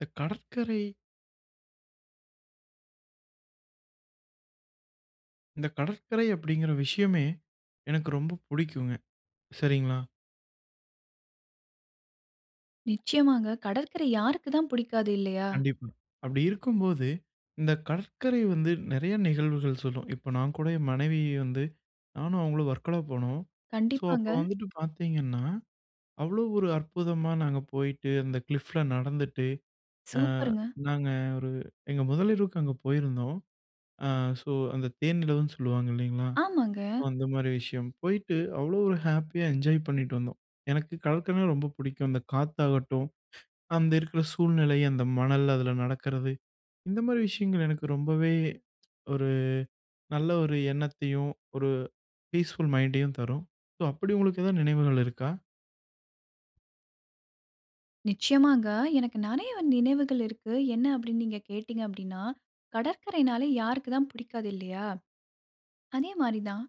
இந்த கடற்கரை. இந்த கடற்கரை அப்பிடிங்கிற விஷயமே எனக்கு ரொம்ப பிடிக்கும்ங்க. சரிங்களா? நிச்சயமாங்க. கடற்கரை யாருக்கு தான் பிடிக்காது இல்லையா! கண்டிப்பா. அப்பிடி இருக்கும்போது, இந்த கடற்கரை வந்து நிறைய நிகழ்வுகள் சொல்லும். இப்ப நான் கூட என் மனைவி வந்து நானும் அவுங்களும் வர்க்கலா போனோம். சோ, அப்போ கண்டிப்பாங்க. வந்துட்டு பாத்தீங்கன்னா, அவ்வளவு ஒரு அற்புதமா நாங்க போயிட்டு, அந்த கிளிஃப் ல நடந்துட்டு அ சூப்பர்ங்க. நாங்க ஒரு எங்க முதலிரவுக்கு அங்க போயிருந்தோம். அ சோ, அந்த தேனிலவுன்னு சொல்லுவாங்க இல்லேங்களா? ஆமாங்க. சோ, அந்த மாரி விஷயம். போயிட்டு அவ்வளவு ஒரு ஹேப்பியா என்ஜாய் பண்ணிட்டு வந்தோம். எனக்கு கடற்கரைன்னா ரொம்ப பிடிக்கும். அந்த காத்தாகட்டும், அங்க இருக்குற சூழ்நிலை, அந்த மணல், அதுல நடக்குறது. இந்த மாரி விஷயங்கள் எனக்கு ரொம்பவே ஒரு நல்ல ஒரு எண்ணத்தையும், ஒரு ஃபீஸ்ஃபுல் மைண்டயும் தரும். சோ, அப்பிடி உங்களுக்கு ஏதாவது நினைவுகள் இருக்கா? நிச்சயமாங்க. எனக்கு நிறைய நினைவுகள் இருக்கு. என்ன அப்பிடின்னு நீங்க கேட்டீங்க அப்பிடின்னா, கடற்கரைனாலே யாருக்கு தான் பிடிக்காது இல்லையா! அதே மாரி தான்.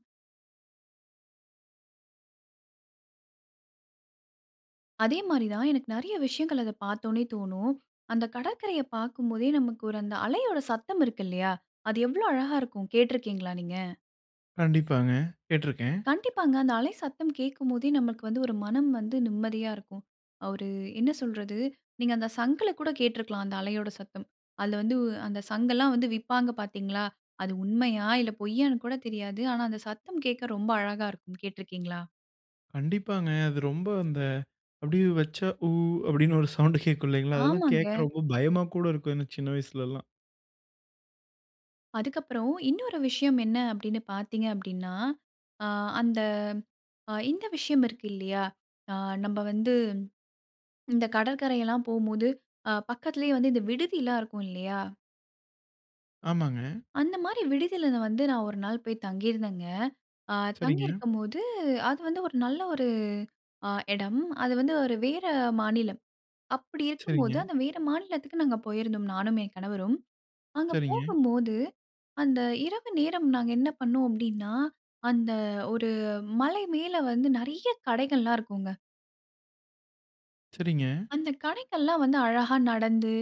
அதே மாரி தான், எனக்கு நிறைய விஷயங்கள் அத பார்த்தோனே தோணும். அந்த கடற்கரைய பாக்கும் போதே நமக்கு அந்த அலையோட சத்தம் இருக்கு இல்லையா? அது எவ்ளோ அழகா இருக்கும் கேட்ருக்கீங்களா நீங்க? கண்டிப்பாங்க. கேட்ருக்கேன். கண்டிப்பாங்க. அந்த அலை சத்தம் கேக்கும் போதே, நமக்கு வந்து ஒரு மனம் வந்து நிம்மதியா இருக்கும். ஒரு என்ன சொல்றது? நீங்க அந்த சங்குல கூட கேட்ருக்கலாம், அந்த அலையோட சத்தம். அதுல வந்து உ அந்த சங்கலாம் வந்து விப்பாங்க பாத்தீங்ளா? அது உண்மையா, இல்ல பொய்யான்னு கூட தெரியாது. ஆனா, அந்த சத்தம் கேக்க ரொம்ப அழகா இருக்கும் கேட்ருக்கீங்களா? கண்டிப்பாங்க. அது ரொம்ப அந்த அப்டியே வெச்சா "ஊ"அப்டின்னு ஒரு சவுண்ட்டு கேக்கும் இல்லைங்களா? அதெல்லாம் ஆமாங்க. கேக்குறப்போ ரொம்ப பயமா கூட இருக்கும் எனக்கு சின்ன வயசுலலாம். அதுக்கப்புறம், இன்னொரு விஷயம் என்ன அப்டின்னு பாத்தீங்க அப்டின்னா, அ அந்த அ இந்த விஷயம் இருக்கு இல்லையா? அ நம்ப வந்து இந்த கடற்கரைல்லாம் போம்போது, அ பக்கத்லயே வந்து இந்த விடுதிலாம் இருக்கும் இல்லையா? ஆமாங்க. அந்த மாரி விடுதில நா வந்து நான் ஒரு நாள் போய் தங்கிருந்தேங்க. அ சரிங்க. தங்கிருக்கும் போது அது வந்து ஒரு நல்ல ஒரு அ எடம். அது வந்து ஒரு வேற மாநிலம். அப்டி இருக்கும்போது, சரிங்க. அந்த வேற மாநிலத்துக்கு நாங்க போயிருந்தோம். நானும், என் கணவரும். அங்க சரிங்க. போகும்போது அந்த இரவு நேரம் நாங்க என்ன பண்ணோம் அப்டின்னா, அந்த ஒரு மலை மேல வந்து நெறைய கடைகள்லாம் இருக்குங்க. சரிங்க. அந்த கடைக்கெல்லாம் வந்து, அழகா நடந்து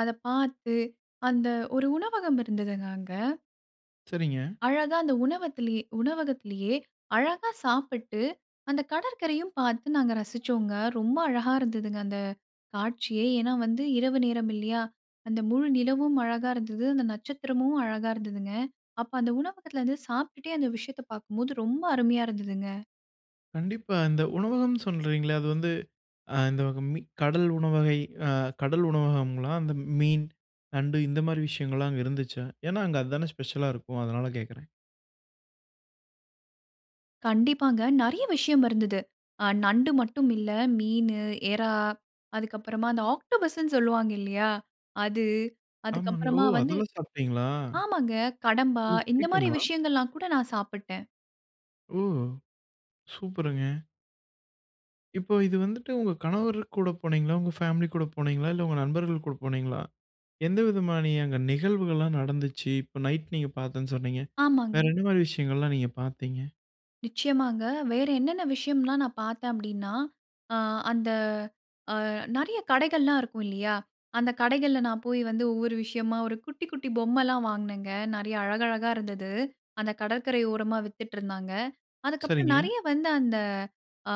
அத பாத்து, அந்த ஒரு உணவகம் இருந்ததுங்க, அங்க சரிங்க. அழகா அந்த உணவத்திலயே -உணவகத்திலயே, அழகா சாப்பிட்டு, அந்த கடற்கரையும் பார்த்து, நாங்க ரசிச்சோங்க. ரொம்ப அழகா இருந்ததுங்க அந்த காட்சியே. ஏன்னா வந்து இரவு நேரம் இல்லயா? அந்த முழு நிலவும் அழகா இருந்தது. அந்த நட்சத்திரமும் அழகா இருந்ததுங்க. அப்ப அந்த உணவகத்துல வந்து சாப்டுட்டே அந்த விஷயத்த பார்க்கும்போது, ரொம்ப அருமையா இருந்ததுங்க. கண்டிப்பா. இந்த உணவகம் சொல்றீங்களே, அது வந்து, ஆ இந்த மீ கடல் உணவகை, அ கடல் உணவகம்ங்களா? அந்த மீன், நண்டு இந்த மாரி விஷயங்கல்லாம் அங்க இருந்துச்சா? ஏன்னா அங்க அது தானே ஸ்பெஷலா இருக்கும் அதனால கேக்குறேன். கண்டிப்பாங்க. நெறைய விஷயம் இருந்தது. ஆ நண்டு மட்டும் இல்ல, மீனு, எறா, அதுக்கப்புறமா அந்த ஆக்டோபஸ்ன்னு சொல்வாங்க இல்லியா அது. அதுக்கு ஆமாங்க. ஓ! அப்புறமா வந்து. அதெல்லாம் சாப்பிட்டீங்களா? ஆமாங்க கடம்பா உங்களுக்கு இந்த மாரி பிடிக்குங்களா? விஷயங்கள்லாம் கூட நான் சாப்புட்டேன் ஓ! சூப்பருங்க! இப்ப, இது வந்துட்டு உங்க கணவரு கூட போனீங்களா? உங்க ஃபேமிலி கூட போனீங்களா? இல்ல உங்க நண்பர்கள் கூட போனீங்களா? எந்த விதமான அங்க நிகழ்வுகள்லாம் நடந்துச்சு? இப்ப நைட் நீங்க பார்த்தேன்னு சொன்னீங்க? வேற ஆமாங்க. என்ன மாரி விஷயங்கள்லாம் நீங்க பார்த்தீங்க? நிச்சயமாங்க. வேறு என்னென்ன விஷயம்லாம் நான் பார்த்தேன் அப்டீன்னா, ஆ அந்த அ நெறைய கடைகள்லாம் இருக்கும், இல்லியா! அந்த கடைகள்ல, நான் போய் வந்து ஒவ்வொரு விஷயமா, ஒரு குட்டி, குட்டி பொம்மல்லாம் வாங்குனேங்க. நெறைய அழகழகா இருந்தது. அந்த கடற்கரை ஓரமா வித்துட்ருந்தாங்க. அதுக்கப்புறம் சரிங்க. நெறைய வந்து, அந்த அ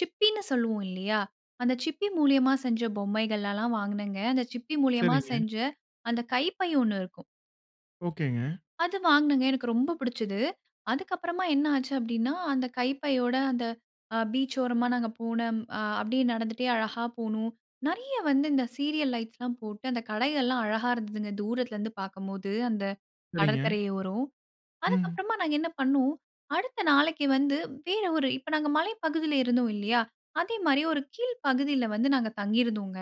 சிப்பின்னு சொல்லுவோம், இல்லியா! அந்த சிப்பி மூலியமா செஞ்ச பொம்மைகளெல்லாம் வாங்குனேங்க. அந்த சிப்பி மூலியமா சரிங்க. செஞ்ச, அந்த கைப்பை ஒண்ணு இருக்கும். ஓக்கேங்க. அது வாங்குனேங்க. எனக்கு ரொம்ப பிடிச்சுது. அதுக்கப்புறமா என்ன ஆச்சு அப்டீன்னா. அந்த கைப்பையோட, அந்த அ பீச் ஓரமா, நாங்க போன அ அப்டியே நடந்துட்டே அழகா போனோம். நிறைய வந்து இந்த சீரியல் லைட்ஸ்லாம் போட்டு, அந்த கடைகள்லாம் அழகா இருந்ததுங்க, தூரத்திலருந்து பார்க்கும்போது, அந்த சரிங்க. கடற்கரை ஓரம். அதுக் ம். கப்புறமா நாங்க என்ன பண்ணோம்? அடுத்த நாளைக்கு வந்து, வேற ஒரு இப்போ நாங்க மலை பகுதியில இருந்தோம் இல்லியா! அதேமாரி, ஒரு கீழ் பகுதியில வந்து நாங்க தங்கியிருந்தோங்க.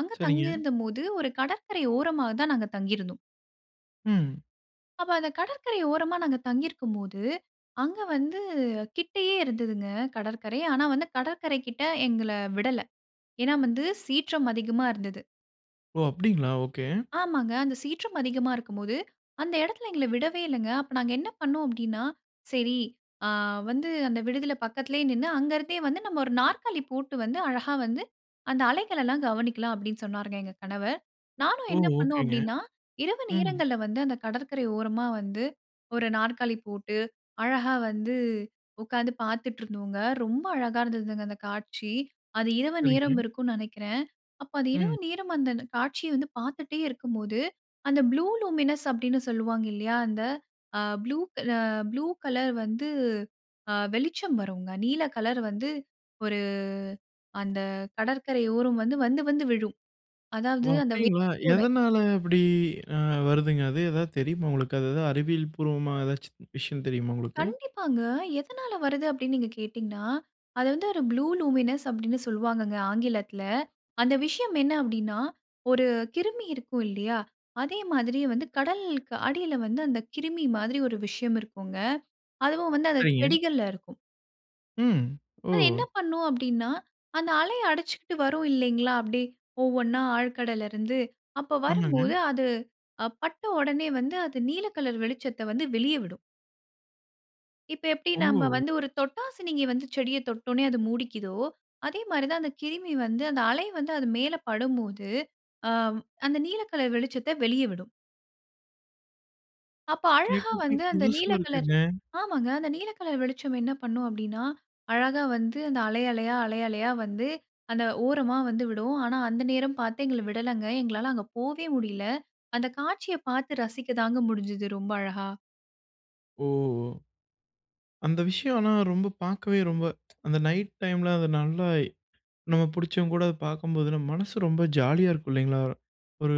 அங்க சரிங்க. தங்கியிருந்தபோது, ஒரு கடற்கரை ஓரமா தான் நாங்க தங்கியிருந்தோம். ம். அப்ப, அந்த கடற்கரை ஓரமா, நாங்க தங்கி இருக்கும் போது. அங்க வந்து கிட்டேயே இருந்துதுங்க, கடற்கரை. ஆனா, வந்து கடற்கரை கிட்ட எங்கள விடல. ஏனா வந்து சீற்றம் அதிகமா இருந்தது. ஓ! அப்பிடிங்களா! ஒகே. ஆமாங்க. அந்த சீற்றம் அதிகமா இருக்கும்போது, அந்த எடத்துல எங்கள விடவே இல்லங்க. அப்ப நாங்க என்ன பண்ணோம் அப்பிடின்னா, சரி அ வந்து அந்த விடுதில பக்கத்துலயே நின்னு, அங்க இருந்தே வந்து நம்ம 1 நாற்காலி போட்டு வந்து, அழகா வந்து அந்த அலைகளலாம் கவனிக்கலாம் அப்பிடின்னு சொன்னாருங்க எங்க கணவர். நானும் ஓ! என்ன பண்ணேன் ஓகேங்க. அப்பிடின்னா, இரவு ம். நேரங்கள்ல வந்து அந்த கடற்கரை ஓரமா வந்து, 1 நாற்காலி போட்டு, அழகா வந்து உக்காந்து பாத்துட்டு இருந்தோங்க. ரொம்ப அழகா இருந்ததுங்க அந்த காட்சி, அது இரவு சரிங்க. நேரம் இருக்கும்னு நெனக்கிறேன். அப்ப அது இரவு ம். நேரம் அந்த, அந்த காட்சிய வந்து பாத்துட்டே இருக்கும்போது, அந்த ப்ளூ லூமினஸ் அப்பிடின்னு சொல்லுவாங்க இல்லயா! அந்த அ ப்ளூ க அ ப்ளூ கலர் வந்து அ வெளிச்சம் வருங்க, நீல கலர் வந்து 1 அந்த கடற்கரை ஓரம் வந்து, வந்து, வந்து விழும். ஓ! அதாவது, அந்த வேவ் அப்பிடிங்களா! கூட எதனால அப்பிடி அ வருதுங்க அது. எதாவது தெரியுமா உங்களுக்கு? அது எதாவது அறிவியல் பூர்வமா, எதாச்சும் விஷயம் தெரியுமா உங்களுக்கு? கண்டிப்பாங்க. எதனால வருது அப்பிடின்னு நீங்க கேட்டீங்கனா, அத வந்து 1 ப்ளூ லூமினஸ் அப்பிடின்னு சொல்லுவாங்கங்க ஆங்கிலத்துல, அந்த விஷயம் என்ன அப்பிடின்னா, 1 கிருமி இருக்கும் இல்லயா! அதே மாதிரி வந்து, கடலுக்கு அடியில வந்து, அந்த கிருமி மாதிரி 1 விஷயம் இருக்குங்க. அதுவும் வந்து அந்த சரிங்க. செடிகள்ல இருக்கும். ம். அது என்ன ஓ! பண்ணும் அப்டின்னா, அந்த அலை அடிச்சுக்கிட்டு வரும் இல்லைங்களா, அப்டியே ஒவ்வொன்னா ஆழ்கடல்லருந்து. அப்ப ஆமாங்க. வரும்போது அது, அ பட்ட ஒடனே வந்து அது நீல கலர் வெளிச்சத்த வந்து வெளிய விடும். இப்ப எப்டி நம்ப ஓ! வந்து ஒரு தொட்டாசினிங்கி வந்து செடிய தொட்ட உடனே அது மூடிக்கிதோ, அதே மாரி தான் அந்த கிருமி வந்து அந்த அலை வந்து அது மேல படும்போது, அ அந்த நீல கலர் வெளிச்சத்த வெளிய விடும். அப்ப அழகா கேட்றதுக்கே வந்து அந்த புதுசா நீல கலர் இருக்குங்க. ஆமாங்க. அந்த நீல கலர் வெளிச்சம் என்ன பண்ணும் அப்டின்னா, அழகா வந்து அந்த அலை, அலையா, அலை, அலையா வந்து அந்த ஓரமா வந்து விடும். ஆனா அந்த நேரம் பாத்து எங்கள விடலங்க, எங்களால அங்க போவே முடியல. அந்த காட்சிய பாத்து ரசிக்கதாங்க முடிஞ்சது ரொம்ப அழகா. ஓ! அந்த விஷயம் ஆனா பாக்கவே ரொம்ப அந்த நைட் டைம்ல அது நல்லா, நம்ம புடிச்சவங்க கூட அத பாக்கும்போது நம்ம மனசு ரொம்ப ஜாலியா இருக்கும் இல்லைங்களா. ஒரு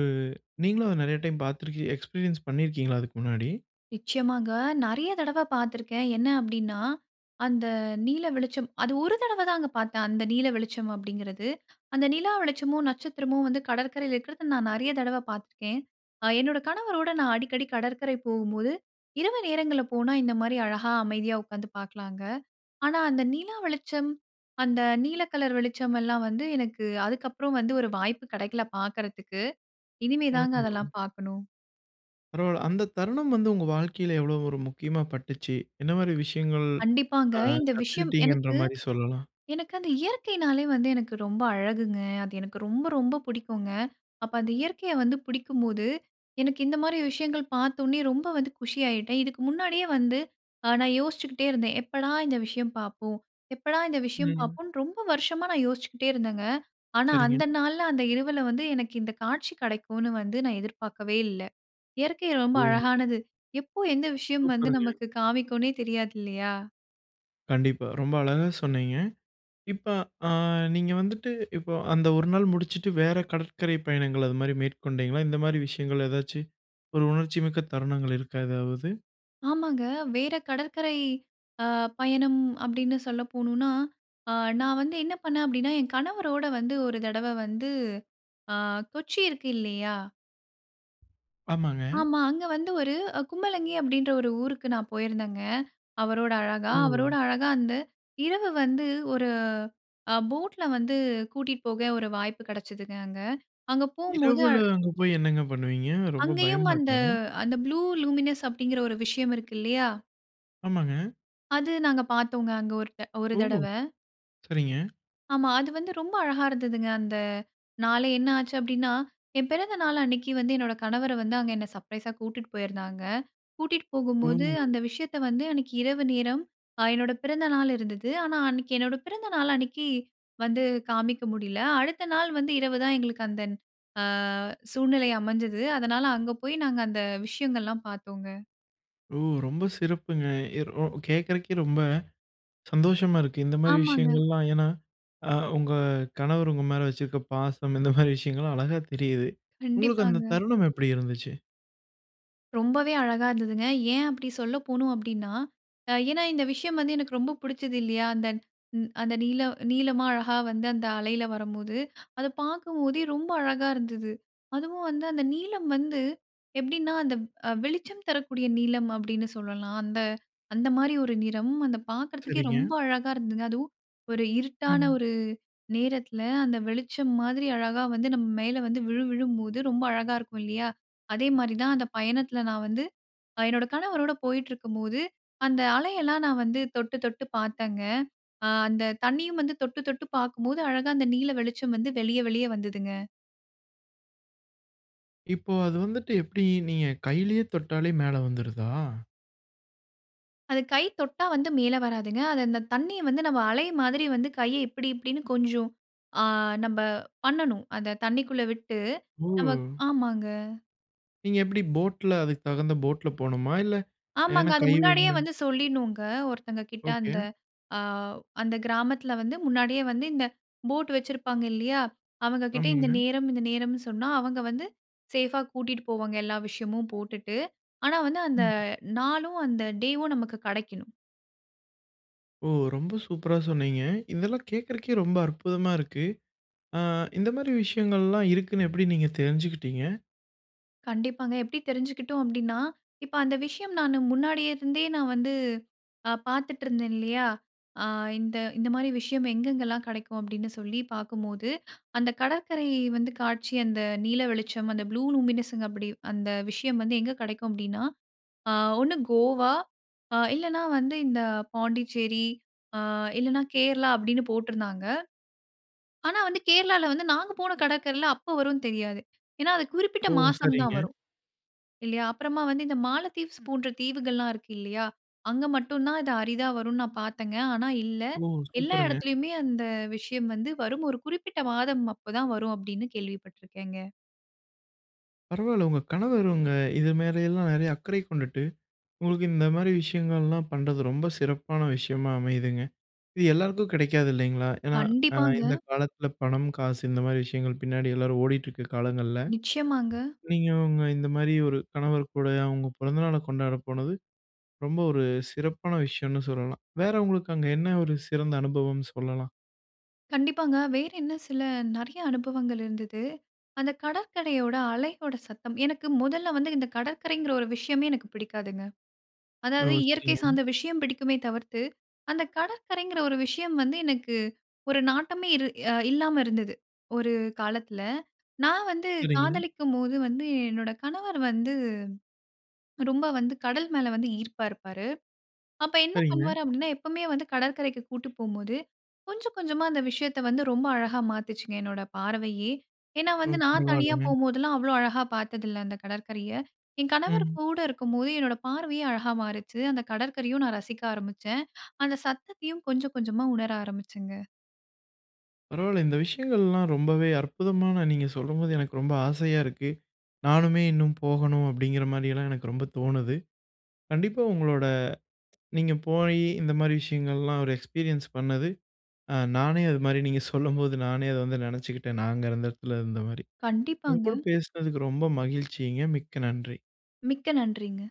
நீங்களும் அத நெறைய டைம் பாத்துருக்கீங்க, எக்ஸ்பீரியன்ஸ் பண்ணிருக்கீங்களா அதுக்கு முன்னாடி. நிச்சயமாங்க. நெறைய தடவ பாத்துருக்கேன். என்ன அப்டின்னா, அந்த நீல வெளிச்சம் அது ஒரு தடவ தாங்க பாத்தேன் அந்த நீல வெளிச்சம் அப்டிங்கறது. அந்த நிலா வெளிச்சமும், நட்சத்திரமும் வந்து கடற்கரையில இருக்குறத நான் நெறைய தடவ பாத்துருக்கேன். அ என்னோட கணவரோட நான் அடிக்கடி கடற்கரை போகும்போது, இரவு நேரங்கள்ல போனா இந்த மாரி அழகா அமைதியா உக்காந்து பாக்கலாங்க. ஆனா அந்த நிலா வெளிச்சம், அந்த நீல கலர் வெளிச்சம் எல்லாம் வந்து எனக்கு அதுக்கப்றம் வந்து ஒரு வாய்ப்பு கெடைக்கல பாக்குறதுக்கு. இனிமே தாங்க ஆமா. அதெல்லாம் பாக்கணும். பரவால்ல. அந்த தருணம் வந்து உங்க வாழ்க்கையில எவ்வளவு 1 முக்கியமா பட்டுச்சு? என்ன மாதிரி விஷயங்கள், கண்டிப்பாங்க. அ, இந்த விஷயம் கத்துக்கிட்டீங்கன்ற எனக்கு மாதிரி சொல்லலாம்? எனக்கு அந்த இயற்கைனாலே வந்து எனக்கு ரொம்ப அழகுங்க. அது எனக்கு ரொம்ப, ரொம்ப புடிக்குங்க. அப்ப அந்த இயற்கைய வந்து பிடிக்கும்போது, எனக்கு இந்த மாதிரி விஷயங்கள் பார்த்த உடனே ரொம்ப வந்து குஷியாயிட்டேன். இதுக்கு முன்னாடியே வந்து அ நான் யோசிச்சுக்கிட்டே இருந்தேன். எப்படா இந்த விஷயம் பாப்போம்? எப்படா இந்த விஷயம் ம். பார்ப்போன்னு, ரொம்ப வருஷமா நான் யோசிச்சுக்கிட்டே இருந்தேங்க. ஆனா, சரிங்க. அந்த நாள்ல, அந்த இரவுல வந்து, எனக்கு இந்த காட்சி கிடைக்குன்னு வந்து நான் எதிர்பார்க்கவே இல்ல. இயற்கை ரொம்ப ஓ! அழகானது. எப்போ, எந்த விஷயம் வந்து, சூப்பருங்க. நமக்கு காமிக்குன்னே தெரியாது இல்லயா! கண்டிப்பா. ரொம்ப அழகா சொன்னீங்க. இப்ப அ நீங்க வந்துட்டு, இப்போ அந்த 1 நாள் முடுச்சிட்டு, வேற கடற்கரை பயணங்கள் அது மாதிரி மேற்கொண்டீங்களா? இந்த மாதிரி விஷயங்கள் ஏதாச்சி, 1 உணர்ச்சிமிக்க தருணங்கள் இருக்கா எதாவது? ஆமாங்க. வேற கடற்கரை அ பயணம் அப்பிடின்னு சொல்ல போணுன்னா, ஆ நான் வந்து என்ன பண்னேன் அப்பிடின்னா, என் கணவரோட வந்து 1 தடவ வந்து, ஆ கொச்சி இருக்கு இல்லயா! ஆமாங்க. ஆமா, அங்க வந்து ஒரு அ கும்பலங்கி, அப்பிடின்ற 1 ஊருக்கு நான் போயிருந்தேங்க, அவரோட அழகா. அவரோட ம். அழகா அந்த இரவு வந்து, 1 அ போட்ல வந்து கூட்டிட் போக 1 வாய்ப்பு கெடச்சுதுங்க அங்க. அங்க போம்போது இரவுல அங்க போய் என்னங்க பண்ணுவீங்க? ரொம்ப அங்கேயும் பயமா அந்த இருக்காதா? அந்த 'ப்ளூ லூமினஸ்' அப்பிடிங்கிற 1 விஷயம் இருக்கு இல்லயா! ஆமாங்க. அது நாங்க பார்த்தோங்க. அங்க ஒரு த்த ஒரு ஓ! தடவ. சரிங்க. ஆமா. அது வந்து ரொம்ப அழகா இருந்ததுங்க அந்த நாளே என்ன ஆச்சு அப்டின்னா, என் பிறந்த நாள் அன்னைக்கி வந்து என்னோட கணவர வந்து அங்க என்னை சர்ப்ரைஸா கூட்டிட்டு போயிருந்தாங்க. கூட்டிட்டு ஓ! போகும்போது அந்த விஷயத்த வந்து அன்னைக்கி இரவு நேரம், அ என்னோட பிறந்த நாள் இருந்தது. ஆனா அன்னைக்கி என்னோட பிறந்த நாள் அன்னைக்கி வந்து காமிக்க முடியல. அடுத்த நாள் வந்து இரவு தான் எங்களுக்கு அந்த அ சூழ்நிலை அமைஞ்சது. அதனால அங்க போய் நாங்க அந்த விஷயங்கள்லாம் பார்த்தோங்க. ஓ! ரொம்ப சிறப்புங்க. எ ரொ கேட்கறதுக்கே ரொம்ப சந்தோஷமா இருக்கு. இந்த மாரி ஆமாங்க. விஷயங்கள்லாம் ஏன்னா, அ உங்க கணவர் உங்க மேல வச்சிருக்க பாசம் இந்த மாரி விஷயங்கள்லாம் அழகா தெரியுது. உங்களுக்கு அந்த கண்டிப்பாங்க. தருணம் எப்டி இருந்துச்சு? ரொம்பவே அழகா இருந்ததுங்க. ஏன் அப்பிடி சொல்ல போணும் அப்டின்னா, அ ஏன்னா இந்த விஷயம் வந்து எனக்கு ரொம்ப புடிச்சது இல்லியா? அந்த அந்த நீல நீலமா அழகா வந்து அந்த அலையில வரம்போது, அதை பார்க்கும் போதே ரொம்ப அழகா இருந்துது. அதுவும் வந்து அந்த நீலம் வந்து எப்படின்னா அந்த வ் அ வெளிச்சம் தரக்கூடிய நீலம அப்படின்னு சொல்லலாம். அந்த அந்த மாரி ஒரு நிறம் அதை பார்க்கறதுக்கே சரிங்க. ரொம்ப அழகா இருந்ததுங்க. அதுவும் ஒரு இருட்டான ம். ஒரு நேரத்தில அந்த வெளிச்சம் மாதிரி அழகா வந்து நம்ம மேல வந்து விழு விழும்போது, ரொம்ப அழகா இருக்கும் இல்லியா? அதே மாரி தான் அந்த பயணத்தில நான் வந்து, என்னோட கணவரோடு போயிட்டுருக்கும்போது, அந்த அலையெல்லாம் நான் வந்து தொட்டு தொட்டு பார்த்தேங்க. அ அந்த தண்ணியும் வந்து தொட்டு -தொட்டு பார்க்கும்போது அழகா அந்த நீல வெளிச்சம் வந்து வெளிய வெளிய வந்ததுங்க. இப்போ அது வந்துட்டு எப்டி நீங்க கையிலேயே தொட்டாலே மேல வந்துருதா? அது கை தொட்டா வந்து மேல வராதுங்க, அது இந்த தண்ணிய வந்து நம்ம அலை மாதிரி வந்து கைய இப்டி, இப்டின்னு கொஞ்சம் அ நம்ப பண்ணனும், அத தண்ணிக்குள்ள விட்டு ஓ! நம்ம, ஆமாங்க. நீங்க எப்டி போட்ல அதுக்கு தகுந்த போட்ல போணுமா? இல்ல ஆமாங்க, ஏன்னா, அது கை. முன்னாடியே [unintelligible] வந்து சொல்லிடணுங்க, ஒருத்தங்க கிட்ட அந்த ஓகே. அ அந்த கிராமத்துல வந்து முன்னாடியே வந்து இந்த போட் வெச்சிருப்பாங்க இல்லையா? அவங்க கிட்ட இந்த ஆமாங்க. நேரம், இந்த நேரம்னு சொன்னா அவங்க வந்து சேஃபா கூட்டிட்டு போவாங்க, எல்லா விஷயமும் போட்டுட்டு. ஆனா வந்து அந்த ம். [unintelligible] நாளும் அந்த டேயும் நமக்கு கெடைக்கணும். ஓ! ரொம்ப சூப்பரா சொன்னீங்க. இந்தெல்லாம் கேக்குறதுக்கே ரொம்ப அற்புதமா இருக்கு. அ இந்த மாதிரி விஷயங்கள்லாம் இருக்குன்னு எப்டி நீங்க தெரிஞ்சுகிட்டீங்க? கண்டிப்பாங்க. எப்டி தெரிஞ்சுகிட்டோம் அப்டின்னா, இப்ப அந்த விஷயம் நானு முன்னாடியே இருந்தே நான் வந்து a பாத்துட்டு இருந்தேன் இல்லையா, அ இந்த இந்த மாரி விஷயம் எங்கெங்கலாம் கெடைக்கும் அப்டின்னு சொல்லி பாக்கும்போது, அந்த கடற்கரை வந்து காட்சி அந்த நீல வெளிச்சம் அந்த ப்ளூ லூமினென்ஸ் அப்டி, அந்த விஷயம் வந்து எங்க கெடைக்கும் அப்டின்னா அ ஒண்னு கோவா, இல்லனா வந்து இந்த பாண்டிச்சேரி, அ இல்லனா கேரளா அப்டின்னு போட்டுருந்தாங்க. ஆனா வந்து, கேரளால வந்து நாங்க போன கடற்கரைல அப்ப வரும்னு தெரியாது. ஏன்னா அது குறிப்பிட்ட ஓ! மாசம் சரிங்க. தான் வரும். இல்லையா? அப்றமா வந்து இந்த மாலத்தீவ்ஸ் போன்ற தீவுகள்லாம் இருக்கு இல்லையா? அங்க மட்டும் தான் இது அரிதா வரும்னு நான் பாத்தேன்ங்க. ஆனா இல்ல, ஓ! எல்லா சூப்பருங்க. எடத்துலயுமே அந்த விஷயம் வந்து வரும். ஒரு குறிப்பிட்ட மாதம் அப்போ தான் வரும் அப்டின்னு கேள்விப்பட்டுருக்கேங்க. பரவாயில்ல. உங்க கணவர் அவுங்க இது மேல எல்லாம் நெறைய அக்கறை கொண்டுட்டு, உங்களுக்கு இந்த மாதிரி விஷயங்கள்லாம் பண்றது, ரொம்ப சிறப்பான விஷயமா அமையுதுங்க. இது எல்லாருக்கும் கிடைக்காது இல்லேங்களா! ஏன்னா, அ கண்டிப்பாங்க. இந்த காலத்தில, பணம், காசு, இந்த மாதிரி விஷயங்கள் பின்னாடி எல்லாரும் ஓடிட்டிருக்க காலங்கள்ல, நிச்சயமாங்க. நீங்க உங்க இந்தமாரி 1 கணவர் கூடயும், அவுங்க பிறந்த நாள கொண்டாட போனது, ரொம்ப 1 சிறப்பான விஷயன்னு சொல்லலாம். வேற உங்களுக்கு அங்க என்ன 1 சிறந்த அனுபவம் சொல்லலாம்? கண்டிப்பாங்க. வேறு என்ன சில, நிறையா அனுபவங்கள் இருந்துது. அந்த கடற்கரையோட அலையோட சத்தம், எனக்கு முதல்ல வந்து, இந்த கடற்கரைங்கிற ஒரு விஷயமே எனக்கு பிடிக்காதுங்க. ஓ! அதாவது இயற்கை சரிங்க. சார்ந்த விஷயம் பிடிக்குமே தவிர்த்து, அந்த கடற்கரைங்கிற ஒரு விஷயம் வந்து எனக்கு, 1 நாட்டமே இரு அ இல்லாம இருந்துது. 1 காலத்தில. நான் வந்து சரிங்க. காதலிக்கும்போது வந்து, என்னோட கணவர் வந்து, ரொம்ப வந்து, கடல் மேல வந்து ஈர்ப்பா இருப்பாரு. அப்ப என்ன சரிங்க. பண்ணுவாரு அப்பிடின்னா, எப்பவுமே வந்து கடற்கரைக்கு கூட்டு போம்போது, கொஞ்சம், கொஞ்சமா அந்த விஷயத்த வந்து ரொம்ப அழகா மாத்துச்சுங்க, என்னோட பார்வையே! ஏன்னா ஓ! வந்து நான் தனியா பரவால்லங்க. போம்போதெல்லாம், அவ்ளோ அழகா பார்த்ததில்ல, அந்த கடற்கரைய. என் கணவர் ம். கூட இருக்கும்போது, என்னோட பார்வையே அழகா மாறுச்சு. அந்த கடற்கரையும் நான் ரசிக்க ஆரம்பிச்சேன் அந்த சத்தத்தையும் கொஞ்சம் கொஞ்சமா உணர ஆரம்பிச்சேங்க. பரவாயில்ல. இந்த விஷயங்கள்லாம், ரொம்பவே அற்புதமான, நீங்க சொல்லும்போது எனக்கு ரொம்ப ஆசையா இருக்கு. நானுமே இன்னும் போகணும் அப்பிடிங்கிற மாரியெல்லாம் எனக்கு ரொம்ப தோணுது. கண்டிப்பா உங்களோட நீங்க போயி, இந்த மாதிரி விஷயங்கள்லாம், 1 எக்ஸ்பீரியன்ஸ் பண்ணது, அ நானே அது மாதிரி நீங்க சொல்லும்போது, நானே அத வந்து நினைச்சுக்கிட்டேன். நான் அங்க அந்த இடத்துல இருந்தமாரி. உங்க கூட கண்டிப்பாங்க. பேசுனதுக்கு ரொம்ப மகிழ்ச்சிங்க. மிக்க நன்றி. மிக்க நன்றிங்க.